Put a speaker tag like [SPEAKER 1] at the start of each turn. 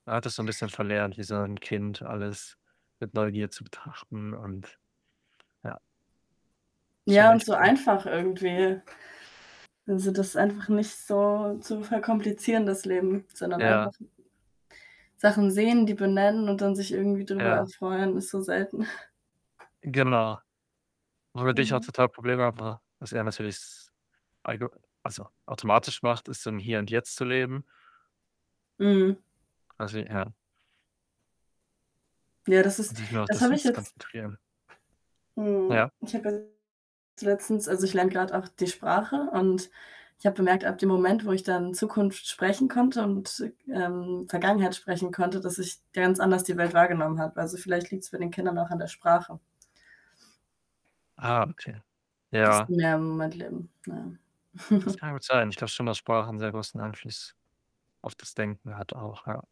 [SPEAKER 1] Man hat das so 'n bisschen verlernt, wie so 'n Kind alles mit Neugier zu betrachten und ja schon
[SPEAKER 2] Ja und
[SPEAKER 1] echt.
[SPEAKER 2] so
[SPEAKER 1] [unintelligible]
[SPEAKER 2] einfach irgendwie. Also, das einfach nicht so zu verkomplizieren das Leben, sondern einfach
[SPEAKER 1] Ja.
[SPEAKER 2] Sachen sehen, die benennen und dann sich irgendwie drüber
[SPEAKER 1] Ja.
[SPEAKER 2] erfreuen, ist so selten.
[SPEAKER 1] Genau. Womit ich auch
[SPEAKER 2] Mhm.
[SPEAKER 1] total Probleme habe, was er natürlich s algo also, automatisch macht, ist, so im Hier und Jetzt zu leben.
[SPEAKER 2] Mhm.
[SPEAKER 1] Also, ja.
[SPEAKER 2] Ja das
[SPEAKER 1] Und
[SPEAKER 2] ist
[SPEAKER 1] sich nur auf
[SPEAKER 2] das
[SPEAKER 1] das
[SPEAKER 2] habe ich
[SPEAKER 1] Jetzt
[SPEAKER 2] jetzt
[SPEAKER 1] konzentrieren.
[SPEAKER 2] mhm.
[SPEAKER 1] Ja.
[SPEAKER 2] Ich habe ja also, letztens also, ich lerne gerade auch die Sprache, und, ich habe bemerkt, ab dem Moment, wo ich dann Zukunft sprechen konnte und, ähm, Vergangenheit sprechen konnte, dass ich ganz anders die Welt wahrgenommen habe. Also, vielleicht liegt's bei den Kindern auch an der Sprache.
[SPEAKER 1] Ah, okay.
[SPEAKER 2] Dass die
[SPEAKER 1] Ja.
[SPEAKER 2] mehr im Moment leben, ja.
[SPEAKER 1] Das kann gut sein. Ich glaube schon, dass Sprachen sehr großen Einfluss auf das Denken hat auch, ja.